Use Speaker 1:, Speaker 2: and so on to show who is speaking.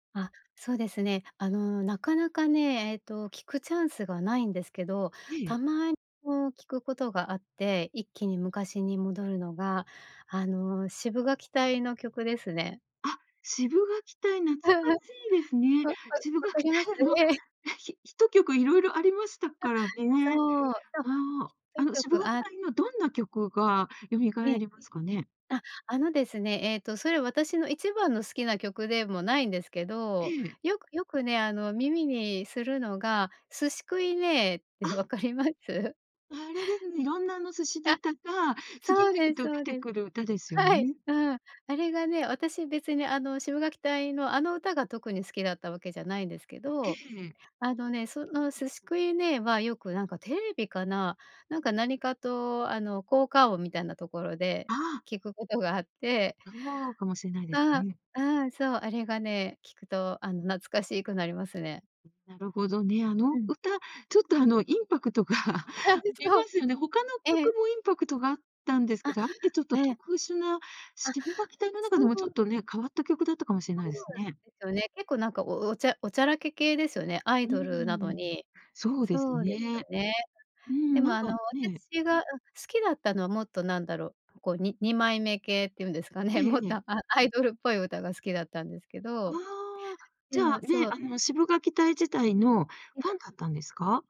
Speaker 1: あ、そうですね。あの、なかなかね、えっと聞くチャンスがないんですけど、
Speaker 2: え
Speaker 1: た
Speaker 2: え。
Speaker 1: まこう聞くことがあって一気に昔に戻るのが、あの、シブがき隊の曲ですね。
Speaker 2: あ、シブがき隊懐か しいですね。
Speaker 1: わわ
Speaker 2: シブが
Speaker 1: 分
Speaker 2: き
Speaker 1: かります？
Speaker 2: 隊の、あ、
Speaker 1: ええ。
Speaker 2: ヒヒット曲いろいろありました
Speaker 1: あ、
Speaker 2: からね。
Speaker 1: そうそう、
Speaker 2: ああ、
Speaker 1: ヒッ
Speaker 2: あの
Speaker 1: ト
Speaker 2: シブ
Speaker 1: 曲、
Speaker 2: がき
Speaker 1: あ
Speaker 2: 隊のどんな曲がよみが
Speaker 1: え
Speaker 2: え
Speaker 1: え。
Speaker 2: りますかね？
Speaker 1: ああのですね、えっとそれ私の一番の好きな曲でもないんですけど、
Speaker 2: ええ。
Speaker 1: よくよくね、あの、耳にするのが寿司くいねぇって
Speaker 2: あ
Speaker 1: 分かります？
Speaker 2: あれですね、色んなあの寿司
Speaker 1: あ、
Speaker 2: ネタが、次
Speaker 1: そうで
Speaker 2: 々
Speaker 1: す
Speaker 2: と
Speaker 1: そ
Speaker 2: 出
Speaker 1: う
Speaker 2: て
Speaker 1: です。
Speaker 2: くる歌ですよ
Speaker 1: はい、
Speaker 2: ね？
Speaker 1: うん、あれがね、私別にあの、シブがき隊の、あの歌が特に好きだったわけじゃないですけ
Speaker 2: え
Speaker 1: ど、
Speaker 2: え。
Speaker 1: あのね、その寿司くいねぇはよくなんかテレビかな、なんか何かと、あの、効果音みたいなところで
Speaker 2: ああ。
Speaker 1: 聞くことがあって
Speaker 2: そうかもしれないです
Speaker 1: あ
Speaker 2: ね。
Speaker 1: あ、ああ、そう。あれがね、聞くと、あの、懐かしくなりますね。
Speaker 2: なるほどね。あ
Speaker 1: う
Speaker 2: の
Speaker 1: ん。
Speaker 2: 歌、ちょっと、あの、インパクトが あ り
Speaker 1: そ
Speaker 2: ま
Speaker 1: う。
Speaker 2: すよね。他の
Speaker 1: え
Speaker 2: 曲
Speaker 1: え。
Speaker 2: もインパクトがあったんですけ
Speaker 1: あ、
Speaker 2: ど、あれってちょっと
Speaker 1: ええ。
Speaker 2: 特殊な、
Speaker 1: あ、
Speaker 2: シブがき隊の中でも
Speaker 1: そ
Speaker 2: ちょ
Speaker 1: う。
Speaker 2: っとね、変わった曲だったかもしんな
Speaker 1: そ
Speaker 2: いで
Speaker 1: う
Speaker 2: すね。
Speaker 1: ですよね、結構なんかおおちゃおちゃらけ系ですよね、アイ
Speaker 2: う
Speaker 1: ドルな
Speaker 2: ー
Speaker 1: の
Speaker 2: ん、
Speaker 1: に。
Speaker 2: そうです
Speaker 1: そうです
Speaker 2: ね。
Speaker 1: よね。
Speaker 2: う
Speaker 1: で
Speaker 2: ん、な
Speaker 1: も
Speaker 2: ん
Speaker 1: あの、
Speaker 2: かね
Speaker 1: 私が、うん、好きだったのもっとなんだろう、こうに二枚目系っていうんですか
Speaker 2: え
Speaker 1: ね、も
Speaker 2: え
Speaker 1: っ
Speaker 2: え
Speaker 1: と、
Speaker 2: え。
Speaker 1: アアイドルっぽい歌が好きだったんですけ
Speaker 2: あ
Speaker 1: ど。
Speaker 2: あ、
Speaker 1: で
Speaker 2: じゃあ、
Speaker 1: も、
Speaker 2: ね、
Speaker 1: そう
Speaker 2: あのシブがき隊自体の
Speaker 1: え
Speaker 2: フ
Speaker 1: え。
Speaker 2: ァンだったんですか？